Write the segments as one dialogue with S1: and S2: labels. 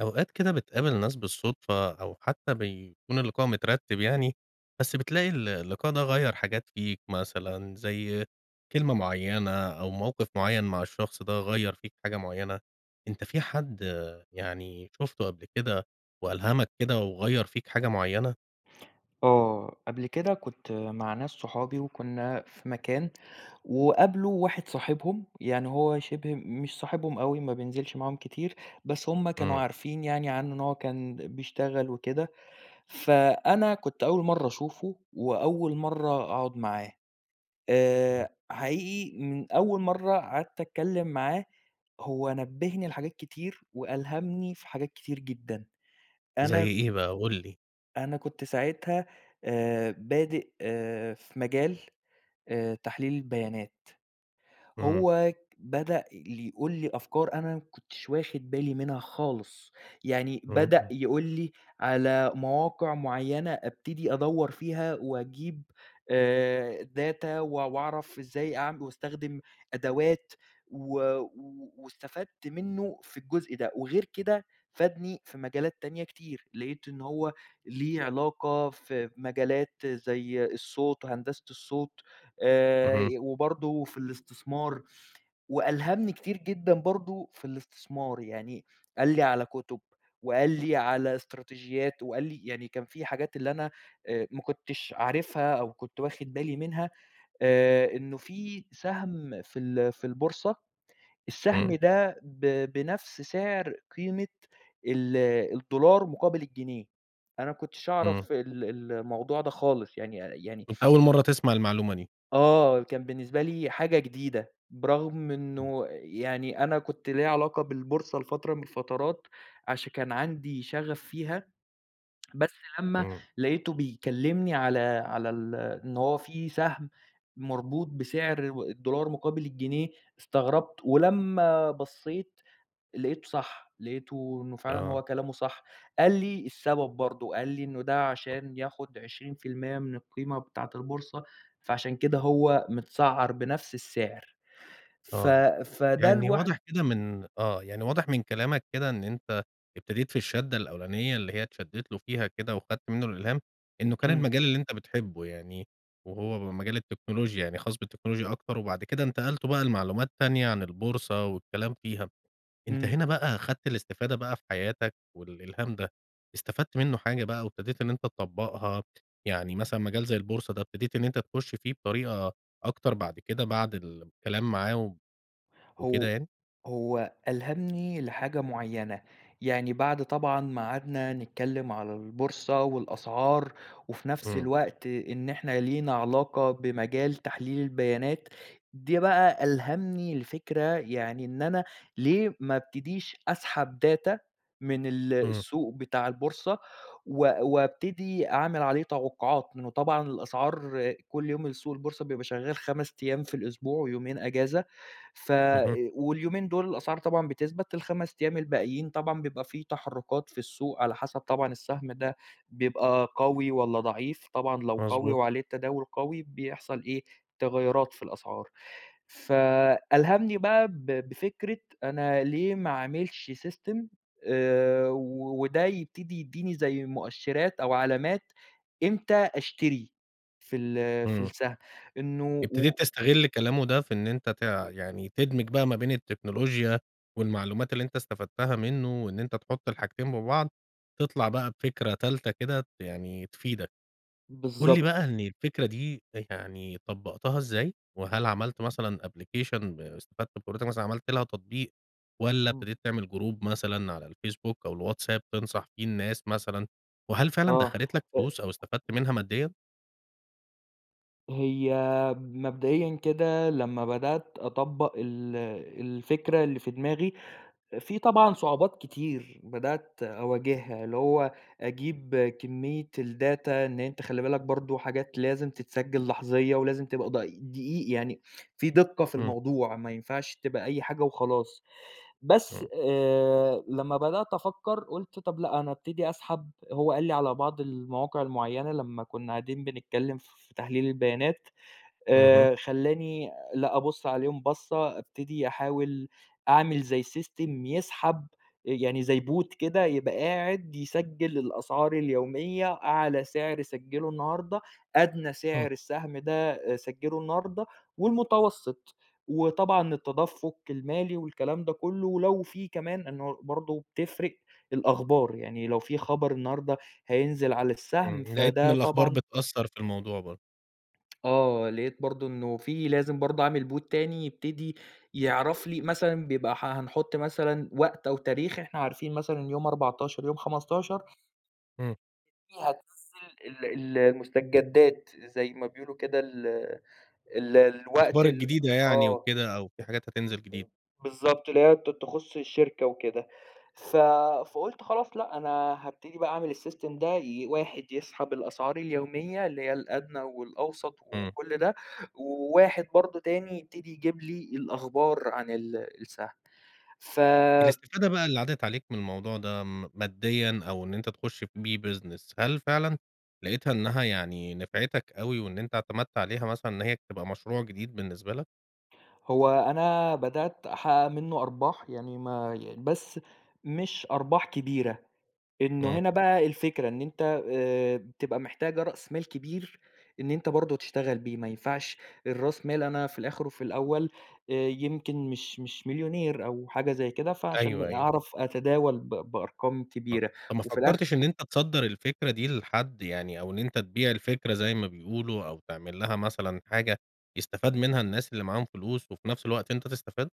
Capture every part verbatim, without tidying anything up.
S1: أوقات كده بتقابل ناس بالصدفة أو حتّى بيكون اللقاء مترتِّب يعني، بس بتلاقي ال اللقاء ده غيّر حاجات فيك مثلًا زي كلمة معيّنة أو موقف معيّن مع الشخص ده غيّر فيك حاجة معيّنة. أنت في حد يعني شُفته قبل كده وألهمك كده وغيّر فيك حاجة معيّنة؟
S2: آه. قبل كده كنت مع ناس صحابي وكُنّا في مكان وقابلوا واحد صاحبهم. يعني هو شِبه مش صاحبهم أوي ما بينزلش معاهم كتير، بس هم كانوا
S1: إمم.
S2: عارفين يعني عنّه إن هو كان بيشتغل وكده. فأنا كنت أول مرّة أشوفه وأول مرّة أقعد معاه. آآ
S1: إمم.
S2: حقيقي من أول مرّة قعدت أتكلّم معاه، هو نبّهني لحاجات كتير وألهمني في حاجات كتير جدًا.
S1: زي
S2: أنا
S1: إيه بقى قُل لي؟
S2: أنا كنت ساعتها آآ بادئ في مجال آآ تحليل البيانات.
S1: إمم.
S2: هو ك بدأ ل يقول لي أفكار أنا ما كنتش واخد بالي منها خالص. يعني بدأ
S1: إمم.
S2: يقول لي على مواقع معيّنة ابتدي أدوّر فيها وأجيب آآ data وأع وأعرف إزاي أعم وأستخدم أدوات، و و واستفدت منّه في الجزء ده. وغيّر كده فادني في مجالات تانية كتير. لقيت إن هو ليه علاقة في مجالات زي الصوت وهندسة الصوت. آآ
S1: اهم.
S2: ي وبرضه في الاستثمار. وألهمني كتير جدًا برضه في الاستثمار. يعني قال لي على كُتب وقال لي على إستراتيجيات وقال لي يعني كان في حاجات اللي أنا أ ما كنتش عارفها أو كنت واخد بالي منها. آآ إنه في سهم في ال في البورصة، السهم
S1: إمم.
S2: ده ب بنفس سعر قيمة ال الدولار مقابل الجنيه. أنا ما كنتش
S1: إمم.
S2: أعرف ال ال الموضوع ده خالص. يعني أ يعني
S1: كنت أول مرّة تسمع المعلومة دي.
S2: آه. كان بالنسبة لي حاجة جديدة. برغم
S1: إمم.
S2: إنه يعني أنا كنت ليّا علاقة بالبورصة لفترة من الفترات، عشان كان عندي شغف فيها. بس لمّا
S1: إمم.
S2: لقيته بيكلّمني على على ال إن هو في سهم مربوط بسعر و الدولار مقابل الجنيه، استغربت. ولمّا بصّيت، لقيته صح. لقيته إنه فعلًا
S1: آه.
S2: هو كلامه صح. قال لي السبب برضه، قال لي: "إنه ده
S1: أ
S2: عشان ياخُد عشرين في المِيّة من القيمة بتاعة البورصة فعشان كده هو مِتسعّر بنفس السعر." ف
S1: آه.
S2: فده
S1: يعني
S2: لوحد
S1: واضح كده من آه. يعني واضح من كلامك كده إن أنت ابتديت في الشَدّة الأولانية، اللي هي اتشدّيت له فيها كده وخدت منّه الإلهام، إنه كان
S2: إمم.
S1: المجال اللي أنت بتحبه يعني وهو م مجال التكنولوجيا، يعني خاص بالتكنولوجيا أكتر وبعد كده انتقلتم بقى لمعلومات تانية عن البورصة والكلام فيها. أنت
S2: إمم.
S1: هنا بقى أخدت الاستفادة بقى في حياتك والإلهام ده، استفدت منّه حاجة بقى وابتديت إن أنت تطبّقها؟ يعني مثلًا مجال زي البورصة ده، ابتديت إن أنت تخُش فيه بطريقة أكتر بعد كده بعد ال كلام معاهم وكده
S2: هو
S1: يعني؟
S2: هو ألهمني لحاجة معيّنة. يعني بعد طبعًا ما قعدنا نتكلّم على البورصة والأسعار، وفي نفس
S1: إمم.
S2: الوقت إن إحنا لينا علاقة بمجال تحليل البيانات. دي بقى ألهمني لفكرة يعني إن أنا ليه ما أبتديش أسحب data من ال
S1: إمم.
S2: السوق بتاع البورصة، و وابتدي أعمل عليه توقعات. لإنه طبعًا الأسعار كل يوم السوق البورصة بيبقى شغّال خَمَس أيام في الأسبوع ويومين أجازة. ف أ
S1: اهم.
S2: واليومين دول الأسعار طبعًا بتثبت، الخَمَس أيام الباقيين طبعًا بيبقى في تحرُّكات في السوق على حسب طبعًا السهم ده بيبقى قوي والّا ضعيف. طبعًا لو قوي
S1: مضبوط.
S2: وعليه التداول قوي بيحصل إيه، تغيُّرات في الأسعار. فألهمني بقى ب بفكرة أنا ليه ما أعملش system آآ و وده يبتدي يدّيني زي مؤشرات أو علامات، إمتى أشتري في ال في
S1: إمم.
S2: السهم. إنه
S1: ابتديت
S2: و
S1: تستغل كلامه ده في إن أنت تع يعني تدمج بقى ما بين التكنولوجيا والمعلومات اللي أنت استفدتها منّه. وإن أنت تحُط الحاجتين ببعض، تطلع بقى بفكرة تالتة كده يعني تفيدك. قُل لي
S2: بالضب
S1: بقى إن الفكرة دي أ يعني طبّقتها إزاي؟ وهل عملت مثلًا أبلكيشن استفدت بخبرتك مثلًا عملت لها تطبيق والّا
S2: إمم.
S1: ابتديت تعمل جروب مثلًا على الفيسبوك أو الواتساب تنصح فيه الناس مثلًا؟ وهل فعلًا
S2: آه.
S1: دخّلت لك
S2: أ
S1: فلوس أو استفدت منها ماديًا؟
S2: هي مبدئيًا كده لمّا بدأت أطبّق ال الفكرة اللي في دماغي، في طبعًا صعوبات كتير بدأت أواجهها، اللي هو أجيب كمية الData إن أنت خلِّ بالك برضه حاجات لازم تتسجل لحظية، ولازم تبقى د دقيِق يعني في دقة في
S1: إمم.
S2: الموضوع، ما ينفعش تبقى أي حاجة وخلاص، بس
S1: إمم.
S2: آآ لما بدأت أفكّر قُلت طب لأ، أنا أبتدي أسحب هو قال لي على بعض المواقع المُعيّنة لمّا كُنّا قاعدين بنتكلم ف في تحليل البيانات،
S1: اهم.
S2: آآ خلّاني لأ، أبُص عليهم بصة، أبتدي أحاول أعمل زي سيستم يسحب يعني زي Bot كده يبقى قاعد يسجِّل الأسعار اليومية أعلى سعر سَجِّلُه النّهارده، أدنى
S1: إمم.
S2: سعر السَّهم ده سَجّلُه النّهارده، والمتوسط وطبعًا التدفُّق المالي والكلام ده كُلّه، ولو في كمان إنه برضه بتفرِق الأخبار، يعني لو في خبر النّهارده هينزل على السّهم
S1: إمم لقيت إن
S2: فده
S1: الأخبار
S2: طبعًا
S1: بتأثّر في الموضوع برضه.
S2: آه، لقيت برضه إنه في لازم برضه أعمل Bot تاني يبتدي يعرف لي مثلًا بيبقى ح حنحُط مثلًا وقت أو تاريخ، إحنا عارفين مثلًا إن يوم أربعتاشر يوم خمستاشر
S1: امم.
S2: فيه هتنزّل ال ال المُستجدات، زي ما بيقولوا كده ال ال الوقت
S1: أخبار
S2: ال
S1: الجديدة يعني
S2: آه، امم،
S1: وكده، أو في حاجات هتنزل جديد.
S2: بالضبط اللي هي ت تخُصّ الشركة وكده، ف فقُلت خلاص لأ، أنا هابتدي بقى أعمِل السِّيستم ده ي واحد يسحب الأسعار اليوميّة اللي هي الأدنى والأوسط
S1: إمم.
S2: وكل ده، وواحد برضه تاني يبتدي يجيب لي الأخبار عن ال السَّهم ف
S1: الاستفادة بقى اللي عدِت عليك من الموضوع ده م ماديًا أو إن أنت تخٌشّ بيه Business هل فعلًا لقيتها إنها يعني نفعتك أوي وإن أنت اعتمدت عليها مثلًا، إن هي تبقى مشروع جديد بالنسبة لك؟
S2: هو أنا بدأت أحقَّق منه أرباح، يعني ما يع بس مش أرباح كبيرة، إنه
S1: امم.
S2: هنا بقى الفكرة إن أنت آآ بتبقى محتاجة رأس مال كبير، إن أنت برضه تشتغل بيه، ما ينفعش الراس مال أنا في الآخر وفي الأول آآ يمكن مش مش مليونير أو حاجة زي كده، فعشان
S1: أيوه، أيوه.
S2: أعرف أتداول ب بأرقام
S1: آه،
S2: كبيرة،
S1: طب ما
S2: وفي الآخر
S1: فكرتش إن أنت تصدَّر الفكرة دي لحد، يعني أو إن أنت تبيع الفكرة زي ما بيقولوا، أو تعمل لها مثلًا حاجة يستفاد منها الناس اللي معاهم فلوس وفي نفس الوقت أنت تستفاد؟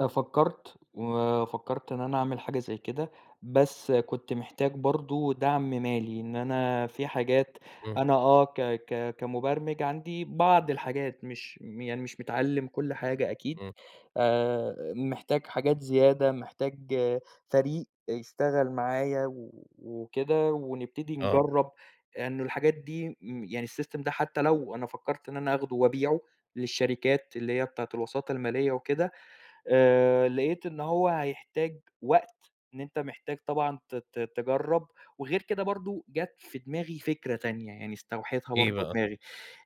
S2: أنا فكّرت، وفكّرت إن أنا أعمل حاجة زي كده، بس كنت محتاج برضه دعم مالي. إن أنا في حاجات
S1: إمم.
S2: أنا آه، ك ك كمُبَرمِج عندي بعض الحاجات مش م يعني مش متعلّم كل حاجة أكيد.
S1: إمم.
S2: آآ محتاج حاجات زيادة، محتاج فريق يشتغل معايا و وكده ونبتدي
S1: آه.
S2: نجرّب لأن الحاجات دي م يعني السيستم ده حتّى لو أنا فكّرت إن أنا أخدُه وأبيعه للشركات اللي هي بتاعة الوساطة المالية وكده، آآ لقيت إن هو هيحتاج وقت إن أنت محتاج طبعًا ت ت تجرّب. وغير كده برضه جات في دماغي فكرة تانية، يعني استوحيتها
S1: إيه
S2: برضه
S1: بقى؟
S2: دماغي.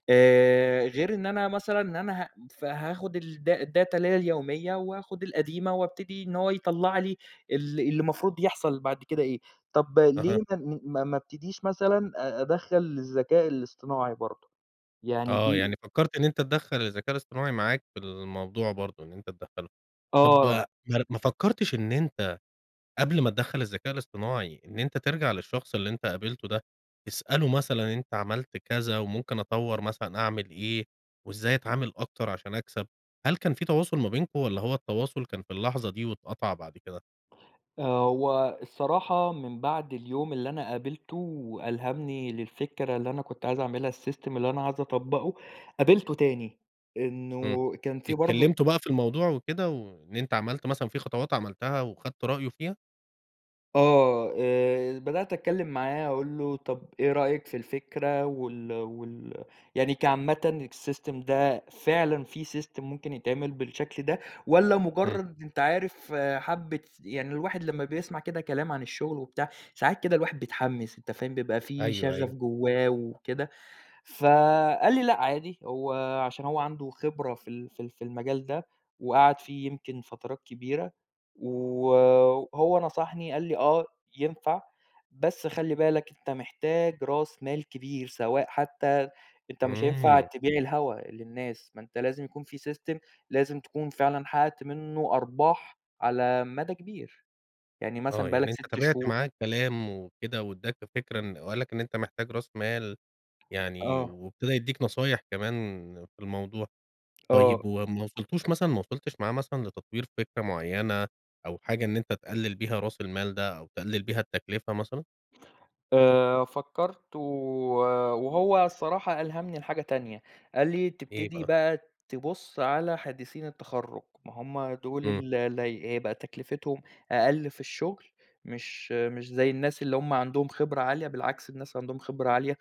S2: آآ غير إن أنا مثلًا إن أنا ه فهاخُد الda الdata اللي هي اليومية واخُد القديمة وأبتدي إن هو يطلع لي ال اللي المفروض يحصل بعد كده إيه. طب ليه
S1: أها.
S2: ما ما ابتديش مثلًا أدخّل الذكاء الاصطناعي برضه؟ يعني
S1: آه.
S2: دي
S1: يعني فكّرت إن أنت تدخّل الذكاء الاصطناعي معاك في الموضوع برضه إن أنت تدخّله. طب
S2: آه.
S1: ما ما فكّرتش إن أنت قبل ما تدخّل الذكاء الاصطناعي، إن أنت ترجع للشخص اللي أنت قابلته ده، تسأله مثلًا إن أنت عملت كذا وممكن أطوّر مثلًا أعمل إيه؟ وإزاي أتعامل أكتر عشان أكسب؟ هل كان في تواصل ما بينكم والّا هو التواصل كان في اللحظة دي واتقطع بعد كده؟
S2: آه. هو الصراحة من بعد اليوم اللي أنا قابلته وألهمني للفكرة اللي أنا كنت عايز أعملها السيستم اللي أنا عايز أطبّقه، قابلته تاني.
S1: إمم.
S2: إنه كان في برضه
S1: اتكلّمتوا بقى في الموضوع وكده وإن أنت عملت مثلًا في خطوات عملتها وأخدت رأيه فيها؟
S2: آه. آآ بدأت أتكلّم معاه أقول له، طب إيه رأيك في الفكرة وال وال يعني كعامةً الsystem ده فعلًا في system ممكن يتعمل بالشكل ده؟ والّا
S1: إمم.
S2: مُجرّد أنت عارف حبّة يعني الواحد لمّا بيسمع كده كلام عن الشغل وبتاع، ساعات كده الواحد بيتحمّس أنت فاهم؟ بيبقى في
S1: أيوه،
S2: شغف
S1: أيوه.
S2: جوّاه وكده. فقال لي: "لأ عادي." هو عشان هو عنده خبرة في ال في ال في المجال ده، وقعد فيه يمكن فترات كبيرة. و وهو نصحني قال لي: "آه ينفع. بس خلِّ بالك أنت محتاج راس مال كبير سواء حتّى أنت مش هينفع
S1: إمم.
S2: تبيع الهوا للناس، ما أنت لازم يكون في system لازم تكون فعلًا حقّقت منّه أرباح على مدى كبير. يعني
S1: آه.
S2: مثلًا بقى
S1: يعني
S2: لك
S1: أنت
S2: سِت
S1: تابعت
S2: شهور."
S1: معاه الكلام وكده، وادّاك فكرة إن وقال لك إن أنت محتاج راس مال يعني،
S2: آه.
S1: وابتدى يدّيك نصايح كمان في الموضوع.
S2: آه.
S1: طيب وما وصلتوش مثلًا ما وصلتش معاه مثلًا لتطوير فكرة معيّنة أو حاجة إن أنت تقلِّل بيها راس المال ده أو تقلِّل بيها التكلفة مثلًا؟
S2: آآ فكرت و وهو الصراحة ألهمني لحاجة تانية، قال لي
S1: إيه
S2: تبتدي
S1: بقى؟
S2: بقى تبُص على حديِثيِن التَّخرُّج، ما هُم دول
S1: إمم.
S2: ال اللي هيبقى تكلفتهم أقل في الشُّغل، مش مش زي الناس اللي همُ عندهم خبرة عالية، بالعكس الناس اللي عندهم خبرة عالية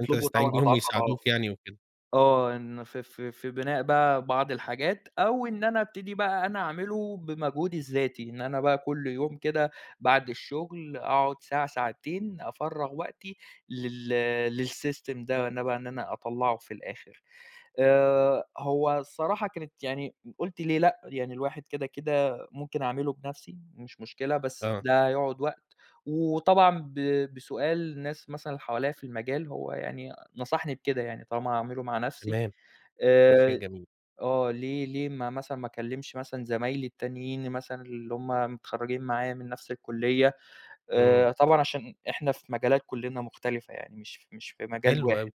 S1: أنت
S2: طبعًا
S1: تستعين بيهم
S2: أضعاف
S1: ويساعدوك
S2: أضعاف،
S1: يعني وكده.
S2: آه، إن ف ف في بِناء بقى بعض الحاجات، أو إن أنا أبتدي بقى إن أنا أعمله بمجهودي الذاتي، إن أنا بقى كُلّ يوم كده بعد الشُّغل أقعد ساعة، ساعتين أفرغ وقتي، لل للسِّيستم ده بقى إن أنا أطلّعُه في الآخر، آآ هو الصراحة كانت يعني قُلت ليه لأ، يعني الواحد كده كده ممكن أعملُه بنفسي، مش مشكلة بس
S1: آه.
S2: ده هيقعد وقت، وطبعًا ب بسؤال الناس مثلًا حواليّا في المجال، هو يعني نصحني بكده يعني طالما هاعمله مع نفسي،
S1: تمام، ده شيء
S2: آآ
S1: جميل.
S2: آه، ليه ليه ما مثلًا ما أكلِّمش مثلًا زمايلي التّانيِّين مثلًا اللي هُم متخرّجين معايا من نفس الكُلِّيَّة،
S1: إمم.
S2: آآ طبعًا عشان إحنا في مجالات كُلنّا مختلفة يعني مش مش في مجال
S1: حلو
S2: واحد،
S1: أوي،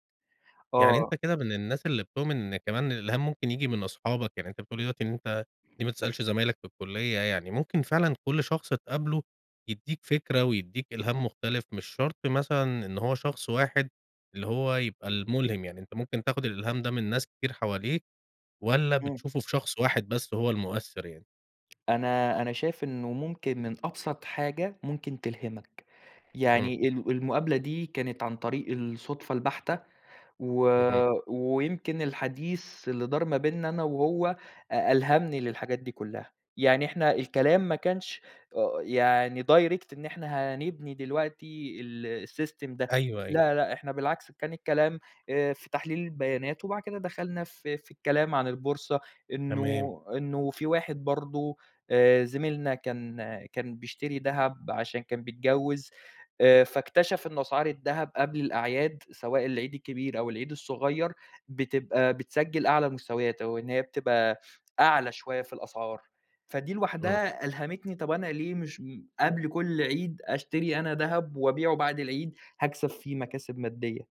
S1: يعني
S2: آه.
S1: أنت كده من الناس اللي بتؤمن أن كمان الإلهام ممكن ييجي من أصحابك، يعني أنت بتقول لي دلوقتي إن أنت ليه ما تسألش زمايلك في الكلية، يعني ممكن فعلًا كل شخص تقابله يديك فكرة، ويديك إلهام مختلف، مش شرط مثلًا إن هو شخص واحد اللي هو يبقى المُلهم، يعني أنت ممكن تاخد الإلهام ده من ناس كتير حواليك والّا
S2: إمم.
S1: بتشوفه في شخص واحد بس هو المؤثر يعني؟
S2: أنا أنا شايف إنه ممكن من أبسط حاجة، ممكن تلهمك.
S1: إمم.
S2: يعني ال المقابلة دي كانت عن طريق الصدفة البَحتة. و
S1: اهم.
S2: ويمكن الحديث اللي دار ما بينا أنا وهو، أ ألهمني للحاجات دي كُلّها. يعني إحنا الكلام ما كانش أ يعني direct إن إحنا هنبني دلوقتي ال الsystem ده.
S1: أيوه، أيوه.
S2: لا لأ إحنا بالعكس، كان الكلام آآ في تحليل البيانات وبعد كده دخلنا في في الكلام عن البورصة
S1: تمام.
S2: إنه إنه في واحد برضه آآ زميلنا كان كان بيشتري دهب عشان كان بيتجوِّز. آآ فاكتشف إنه أسعار الدهب قبل الأعياد، سواء العيد الكبير أو العيد الصغير بتبقى بتسجل أعلى المستويات، أو إن هي بتبقى أعلى شوية في الأسعار. فدي
S1: إمم.
S2: لوحدها ألهمتني، طب أنا ليه مش قبل كل عيد أشتري أنا دهب وأبيعه بعد العيد؟ هاكسب فيه مكاسب مادية.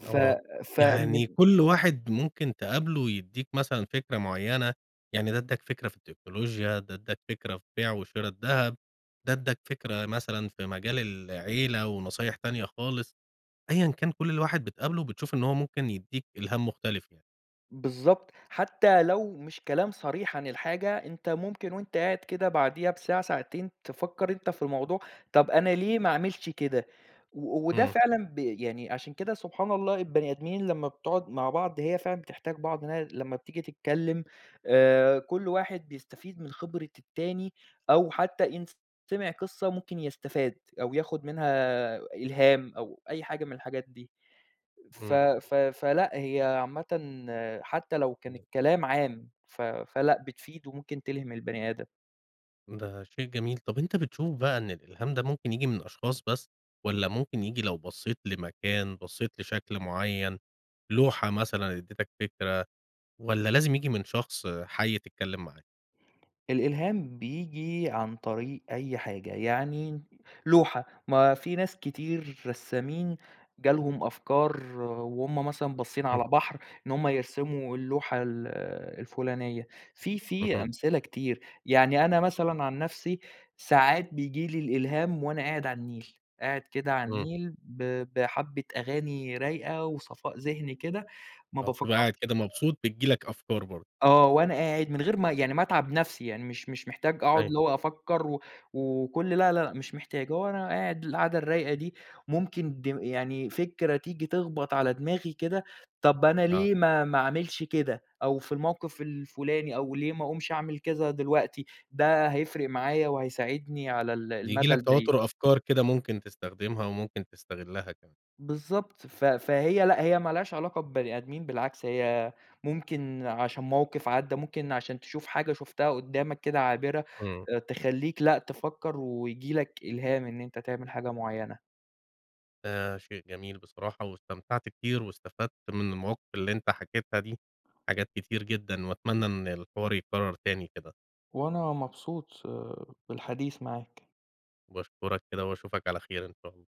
S2: ف
S1: آه.
S2: فمن
S1: يعني كل واحد ممكن تقابله ويدّيك مثلًا فكرة معيّنة. يعني ده ادّاك فكرة في التكنولوجيا، ده ادّاك فكرة في بيع وشِرا الدهب، ده ادّاك فكرة مثلًا في مجال العيلة ونصايح تانية خالص. أيًا كان كل ال واحد بتقابله، بتشوف إن هو ممكن يدّيك إلهام مختلف يعني.
S2: بالضبط. حتّى لو مش كلام صريح عن الحاجة، أنت ممكن وأنت قاعد كده بعديها بساعة ساعتين، تفكّر أنت في الموضوع، طب أنا ليه ما أعملش كده. و وده
S1: إمم.
S2: فعلًا ب يعني عشان كده سبحان الله البني آدمين لمّا بتقعد مع بعض هي فعلًا بتحتاج بعض إن هي لمّا بتيجي تتكلّم آآ كل واحد بيستفيد من خبرة التاني، أو حتّى إن سمع قصة ممكن يستفاد أو ياخُد منها إلهام أو أي حاجة من الحاجات دي. ف
S1: إمم.
S2: ف فلأ. هي عامةً حتّى لو كان
S1: [unintelligible]
S2: الكلام عام، ف فلأ بتفيد وممكن تلهم البني آدم.
S1: ده شيء جميل. طب أنت بتشوف بقى إن الإلهام ده ممكن ييجي من أشخاص بس والّا ممكن ييجي لو بصّيت لمكان، بصّيت لشكل معيّن، لوحة مثلًا ادّيتك فكرة والّا لازم ييجي من شخص حَي تتكلّم معاه؟
S2: الإلهام بييجي عن طريق أي حاجة. يعني لوحة، ما في ناس كتير رسّامين جالهم أفكار وهم مثلًا بصّين
S1: إمم.
S2: على بحر، إن هم يرسموا اللوحة ال الفُلانية. في في
S1: اهم.
S2: أمثلة كتير. يعني أنا مثلًا عن نفسي ساعات بييجي لي الإلهام وأنا قاعد على النيل. قاعد كده على
S1: إمم.
S2: النيل ب بحَبّة أغاني رايقة وصفاء ذهني كده ما
S1: آه. بتبقى
S2: بافكّرش
S1: قاعد كده
S2: آآ
S1: مبسوط، بتيجي لك أفكار برضه.
S2: آه. وأنا قاعد من غير ما يعني ما أتعب نفسي. يعني مش مش محتاج أقعد
S1: أيوه.
S2: اللي هو أفكّر و وكل لا لا مش محتاج. هو أنا قاعد القعدة الرايقة دي، ممكن دم يعني فكرة تيجي تخبط على دماغي كده. طب أنا
S1: آه.
S2: ليه ما ما أعملش كده أو في الموقف الفُلاني أو ليه ما أقومش أعمل كذا دلوقتي. ده هيفرق معايا وهيساعدني على ال
S1: بييجي
S2: المدى
S1: لك
S2: البعيد.
S1: تواتر أفكار كده ممكن تستخدمها وممكن تستغلّها كمان.
S2: بالضبط. ف فهي لأ. هي مالهاش علاقة ببني آدمين بالعكس، هي ممكن عشان موقف عدّى، ممكن عشان تشوف حاجة شُفتها قدامك كده عابرة
S1: إمم.
S2: أ تخلّيك لأ تفكّر، وييجي لك إلهام إن أنت تعمل حاجة معيّنة.
S1: ده شيء جميل بصراحة. واستمتعت كتير واستفدت من المواقف اللي أنت حكيتها دي حاجات كتير جدًا. وأتمنى إن الحوار يتكرّر تاني كده.
S2: وأنا مبسوط بالحديث معاك.
S1: وباشكرك كده واشوفك على خير إن شاء الله.